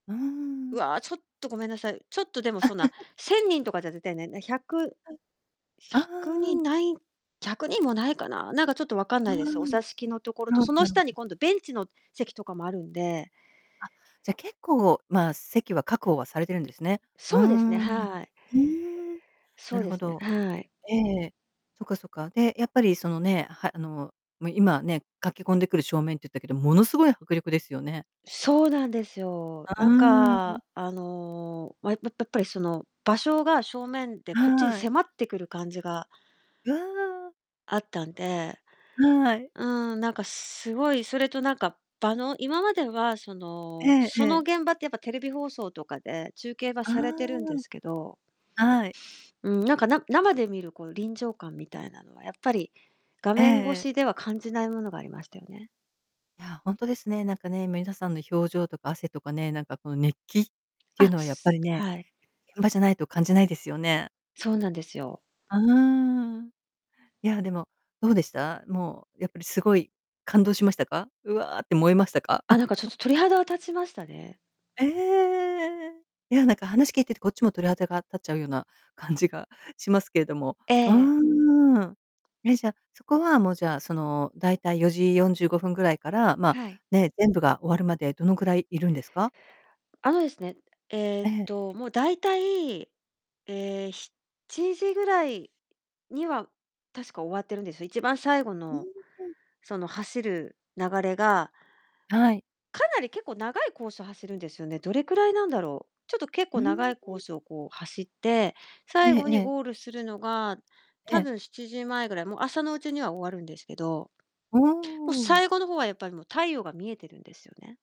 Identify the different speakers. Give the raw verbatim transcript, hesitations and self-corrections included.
Speaker 1: うー
Speaker 2: う
Speaker 1: ん。
Speaker 2: わあ、ちょっとごめんなさい。ちょっとでもそんな、せんにんとかじゃ絶対ない、ひゃく、
Speaker 1: はい、
Speaker 2: ひ
Speaker 1: あ
Speaker 2: ゃくに
Speaker 1: あ。
Speaker 2: んない、ひゃくにんもないかな、なんかちょっと分かん
Speaker 1: う
Speaker 2: な
Speaker 1: ー
Speaker 2: いです。お
Speaker 1: ん。
Speaker 2: 座敷のところ
Speaker 1: な
Speaker 2: と、
Speaker 1: るほど
Speaker 2: その
Speaker 1: なるほ
Speaker 2: 下に
Speaker 1: ど。
Speaker 2: 今度ベンチの席とかもあるんで。
Speaker 1: あ、じゃ、結構まあ、席は確保はされてるんですね。うー
Speaker 2: そうですね、
Speaker 1: ん。
Speaker 2: はい。
Speaker 1: ふうん、
Speaker 2: そ
Speaker 1: な
Speaker 2: う
Speaker 1: る
Speaker 2: で
Speaker 1: ほ
Speaker 2: すね、
Speaker 1: ど。
Speaker 2: はい。
Speaker 1: ええ。そっかそっか。で、やっぱりそのね、はあの、もう今ね、駆け込んでくる正面って言ったけど、ものすごい迫力ですよね。
Speaker 2: そうなんですよ。
Speaker 1: あ
Speaker 2: なん
Speaker 1: あ。
Speaker 2: か、あの、まあやっぱぱりその場所が正面でこっちに
Speaker 1: はい。
Speaker 2: 迫ってくる感じが
Speaker 1: わあ。
Speaker 2: あったんで、
Speaker 1: はい。
Speaker 2: うーん、なんかすごいそれとなんか場の、今まではその、
Speaker 1: えええ
Speaker 2: その
Speaker 1: え。
Speaker 2: 現場ってやっぱテレビ放送とかで中継は
Speaker 1: あ
Speaker 2: されてるんです
Speaker 1: あ。
Speaker 2: けど
Speaker 1: はい。
Speaker 2: うん、なんかな生で見るこう臨場感みたいなのは、やっぱり画
Speaker 1: ええ
Speaker 2: 面越
Speaker 1: ええ。
Speaker 2: しでは感じないものがありましたよね。
Speaker 1: いやあ、本当ですね、なんかね、みなさんの表情とか汗とかね、なんかこの熱気、っていう
Speaker 2: あ、
Speaker 1: のはやっぱ
Speaker 2: す
Speaker 1: りね、
Speaker 2: はい。
Speaker 1: 現場じゃないと感じないですよね。
Speaker 2: そうなんですよ。
Speaker 1: ああ。いや、でも、どうでした？もうやっぱり凄い感動しましたか？うわあって燃えましたか？
Speaker 2: あ、なんかちょっ と鳥肌が立ちましたね。
Speaker 1: ええ。いや、なんか話聞いててこっちも鳥肌が立っちゃうような感じがしますけれども、
Speaker 2: え
Speaker 1: う
Speaker 2: え。
Speaker 1: ーん。え、じゃあ、そこはもうじゃあその大体よじよんじゅうごふんぐらいから、まあ、
Speaker 2: はい。
Speaker 1: ね、全部が終わるまでどのくらいいるんですか？
Speaker 2: あのですね、ええっ
Speaker 1: ええ。
Speaker 2: と、もうだいたい、ええ、しちじぐらいには確か終わってるんですよ。一番最後
Speaker 1: うー
Speaker 2: の
Speaker 1: ん。
Speaker 2: その走る流れが
Speaker 1: はい。
Speaker 2: かなり結構長いコースを走るんですよね。どれくらいなんだろう？ちょっと結
Speaker 1: う
Speaker 2: 構
Speaker 1: ー
Speaker 2: 長いコー
Speaker 1: ん。
Speaker 2: スをこう走って、
Speaker 1: え
Speaker 2: 最
Speaker 1: え
Speaker 2: 後
Speaker 1: え
Speaker 2: に
Speaker 1: え。
Speaker 2: ゴールするのが、
Speaker 1: え
Speaker 2: 多
Speaker 1: え。
Speaker 2: 分しちじまえぐらい、もう朝のうちには終わるんですけど、もう
Speaker 1: おうん。
Speaker 2: 最後の方はやっぱりもう太陽が見えてるんですよね。